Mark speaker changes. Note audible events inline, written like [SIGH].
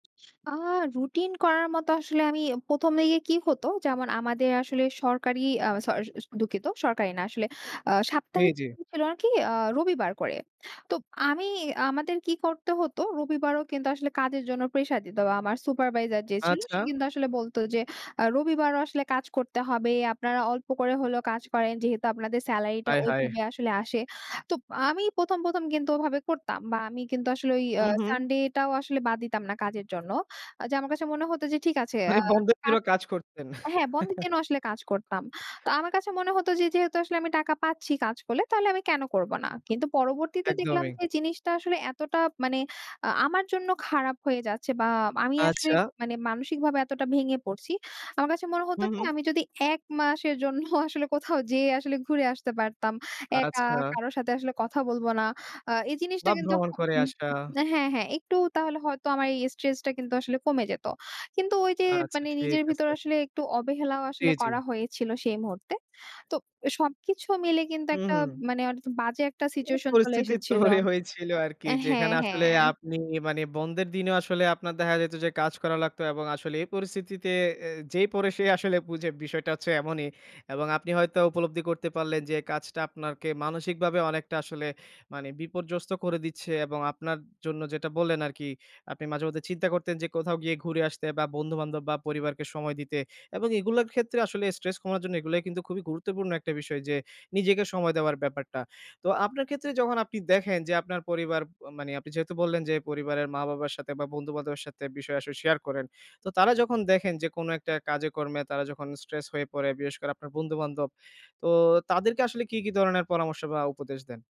Speaker 1: আ routine করার মতো আসলে আমি ১ম দিকে কি হতো? যেমন আমাদের আসলে সরকারি আ সরি আ দুঃখিত, সরকারি না আসলে। আ সাপ্তাহিক
Speaker 2: এইযে
Speaker 1: ছুটি ছিল আরকি আ রবিবার করে। তো আমি আমাদের কি করতে হতো? রবিবারও কিন্তু আসলে কাজের জন্য প্রেশার দিতো। আ আমার supervisor যে ছিল
Speaker 2: আচ্ছা।
Speaker 1: সে কিন্তু আসলে বলতো যে আ রবিবারও আসলে কাজ করতে হবে। আপনারা অল্প করে হলেও কাজ করেন। যেহেতু আপনাদের স্যালারিটা
Speaker 2: হায়! হায়!
Speaker 1: ওইভাবে আসলে আসে। তো আমি ১ম, ১ম কিন্তু ওভাবে করতাম বা আমি কিন্তু আসলে ওই আ
Speaker 2: হু, হু।
Speaker 1: sunday টাও আসলে বাদ দিতাম না কাজের জন্য। আ যে আমার কাছে মনে হতো যে, ঠিক আছে। আ
Speaker 2: মানে বন্ধের দিন
Speaker 1: কাজ
Speaker 2: ও কাজ করতেন।
Speaker 1: হ্যাঁ, বন্ধের
Speaker 2: [CHUCKLES]
Speaker 1: দিনও আসলে কাজ করতাম। তো আমার কাছে মনে হতো যে, যেহেতু আসলে আমি টাকা পাচ্ছি কাজ করলে। তাহলে আমি কেন করবো না? কিন্তু পরবর্তীতে দেখলাম
Speaker 2: একদমই।
Speaker 1: যে জিনিসটা আসলে এতটা মানে আ আমার জন্য খারাপ হয়ে যাচ্ছে বা আমি আসলে
Speaker 2: আচ্ছা।
Speaker 1: মানে মানসিকভাবে এতটা ভেঙে পড়ছি। আমার কাছে মনে হতো
Speaker 2: হু,
Speaker 1: কি?
Speaker 2: হু।
Speaker 1: আমি যদি এক ১ মাসের জন্য [CHUCKLES] আসলে কোথাও যেয়ে আসলে ঘুরে আসতে পারতাম। একা,
Speaker 2: আচ্ছা।
Speaker 1: কারো সাথে আসলে কথা বলবো না। আ এই জিনিসটা
Speaker 2: বা
Speaker 1: কিন্তু
Speaker 2: ভ্রমণ করে আসা।
Speaker 1: য হু হ্যাঁ, হ্যাঁ, একটু তাহলে হয়তো আমার এই stress টা কিন্তু আসলে কমে যেত। কিন্তু ওইযে
Speaker 2: আচ্ছা,
Speaker 1: মানে
Speaker 2: ঠিক
Speaker 1: নিজের ভিতরে
Speaker 2: আছে।
Speaker 1: আসলে একটু অবহেলাও
Speaker 2: জ্বী,
Speaker 1: আসলে করা
Speaker 2: জ্বী।
Speaker 1: হয়েছিল সেই মুহূর্তে। তো সবকিছু মিলে কিন্তু
Speaker 2: হু,
Speaker 1: একটা
Speaker 2: হু।
Speaker 1: মানে অনেকটা বাজে একটা
Speaker 2: মানে
Speaker 1: situation চলে
Speaker 2: পরিস্থিতি
Speaker 1: এসেছিল।
Speaker 2: তৈরি হয়েছিল আরকি
Speaker 1: এ হ্যাঁ,
Speaker 2: যেখানে আসলে
Speaker 1: হ্যাঁ।
Speaker 2: আপনি মানে বন্ধের দিনেও আসলে আপনার দেখা যেত যে কাজ করা লাগতো এবং আসলে এই পরিস্থিতিতে এ যেই পরে সেই আসলে বুঝে বিষয়টা হচ্ছে এমনই এবং আপনি হয়তো উপলব্ধি করতে পারলেন। যে কাজটা আপনাকে মানসিকভাবে অনেকটা আসলে মানে বিপর্যস্ত করে দিচ্ছে এবং আপনার জন্য যেটা বললেন আরকি। আপনি মাঝেমধ্যে চিন্তা করতেন যে কোথাও গিয়ে ঘুরে আসতে বা বন্ধু-বান্ধব বা পরিবারকে সময় দিতে এবং এগুলোর ক্ষেত্রে আসলে stress কমার জন্য এগুলাই কিন্তু খুবই গুরুত্বপূর্ণ একটা বিষয়। যে নিজেকে সময় দেওয়ার ব্যাপারটা। তো আপনার ক্ষেত্রে যখন আপনি দেখেন যে আপনার পরিবার প মানে আপনি যেহেতু বললেন, যে পরিবারের মা-বাবার সাথে বা বন্ধু-বান্ধবের সাথে বিষয় আসলে শেয়ার করেন। তো তারা যখন দেখেন যে কোন একটা কাজে-কর্মে তারা যখন stress হয়ে পড়ে। বিশেষ করে আপনার বন্ধু-বান্ধব। তো তাদেরকে আসলে কী, কী ধরনের পরামর্শ বা উপদেশ দেন?